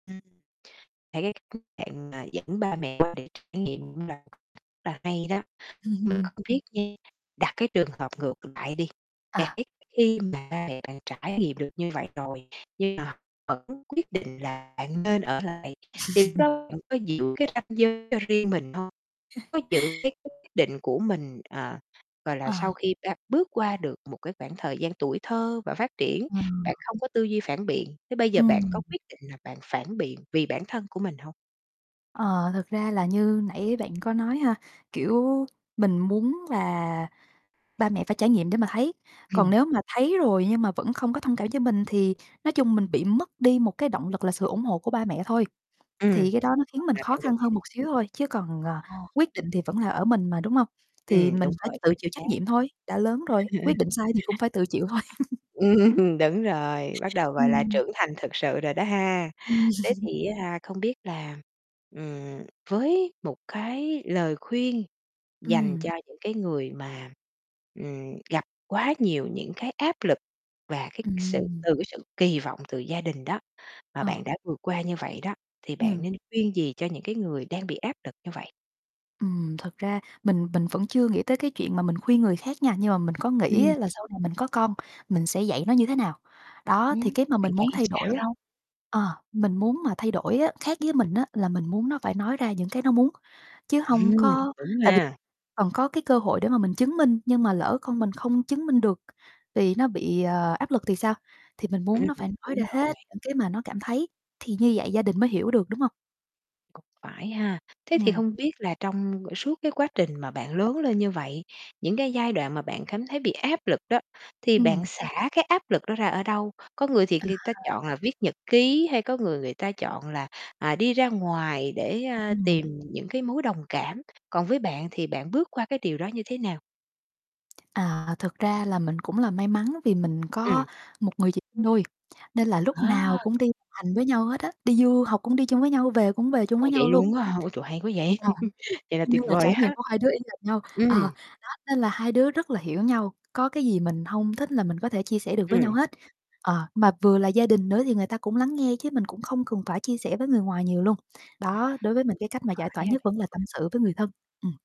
Ừm. Là cái cách bạn, à, dẫn ba mẹ qua để trải nghiệm cũng là một cách rất là hay đó, [unintelligible] không biết nha, đặt cái trường hợp ngược lại đi, là À. cái khi mà ba mẹ bạn trải nghiệm được như vậy rồi nhưng mà họ vẫn quyết định là bạn nên ở lại thì lúc đó bạn có giữ cái ranh giới cho riêng mình hông? Có giữ cái quyết định của mình, à, gọi là, À. sau khi ta bước qua được một cái khoảng thời gian tuổi thơ và phát triển Ừ. bạn không có tư duy phản biện, thế bây giờ bạn có Ừm. quyết định là bạn phản biện vì bản thân của mình hông? Ờ, thực ra là như nãy bạn có nói ha, kiểu, mình muốn là ba mẹ phải trải nghiệm để mà thấy, còn Ừm. nếu mà thấy rồi nhưng mà vẫn không có thông cảm cho mình thì, nói chung, mình bị mất đi một cái động lực là sự ủng hộ của ba mẹ thôi, Ừm. thì cái đó nó khiến Mong mình là khó bạn vẫn khăn quyết hơn định. một xíu thôi chứ còn, ờ, Ồ. quyết định thì vẫn là ở mình mà, đúng hông? Thì Ừm, mình đúng phải rồi, tự chính chịu xác. trách nhiệm thôi, đã lớn rồi, quyết định sai thì cũng phải tự chịu thôi. Ừm, đúng rồi, bắt đầu, gọi là, Ừm. trưởng thành thực sự rồi đó ha. Ừm Thế thì á ha, không biết là, ừm, với một cái lời khuyên dành Ừm. cho những cái người mà, ừm, gặp quá nhiều những cái áp lực và cái sự Ừm. từ cái sự kỳ vọng từ gia đình đó mà Ờ. bạn đã vượt qua như vậy đó, thì bạn Ừm. nên khuyên gì cho những cái người đang bị áp lực như vậy? Ừm, thực ra mình mình vẫn chưa nghĩ tới cái chuyện mà mình khuyên người khác nha, nhưng mà mình có nghĩ Ừm. á, là sau này mình có con mình sẽ dạy nó như thế nào. Đó, thì Ừm, cái mà bạn mình muốn dạy thay đổi sao á, đâu? ờ, mình muốn mà thay đổi á, khác với mình á, là mình muốn nó phải nói ra những cái nó muốn chứ hông Ừm, có đúng tại vì ha. còn có cái cơ hội để mà mình chứng minh nhưng mà lỡ con mình không chứng minh được vì nó bị, ờ, áp lực thì sao, thì mình muốn Ừm, nó phải nói đúng ra rồi. hết những cái mà nó cảm thấy, thì như vậy gia đình mới hiểu được, đúng hông? Cũng phải ha. Thế thì Ừm. hông biết là trong suốt cái quá trình mà bạn lớn lên như vậy, những cái giai đoạn mà bạn cảm thấy bị áp lực đó thì bạn Ừm. xả cái áp lực đó ra ở đâu? Có người thì À. người ta chọn là viết nhật ký hay có người, người ta chọn là, à, đi ra ngoài để, ơ, Ừm. tìm những cái mối đồng cảm. Còn với bạn thì bạn bước qua cái điều đó như thế nào? À, thực ra là mình cũng là may mắn vì mình Ừm. có một người chị sinh đôi, nên là lúc Ờ. nào cũng đi hành với nhau hết á, đi du học cũng đi chung với nhau, về cũng về chung với Ồ, nhau vậy luôn. luôn á hả, ôi trời hay quá vậy, [unintelligible] vậy là Y như tuyệt là vời trải nghiệm há. của hai đứa y hệt nhau, Ừm. ờ, đó nên là hai đứa rất là hiểu nhau, có cái gì mình hông thích là mình có thể chia sẻ được với nhau Ừm. hết. Ờ, mà vừa là gia đình nữa thì người ta cũng lắng nghe chứ mình cũng không cần phải chia sẻ với người ngoài nhiều luôn. À, Đó, đối với mình cái cách mà giải tỏa phải ha bạn nhất vẫn là tâm ha. sự với người thân. Ừm.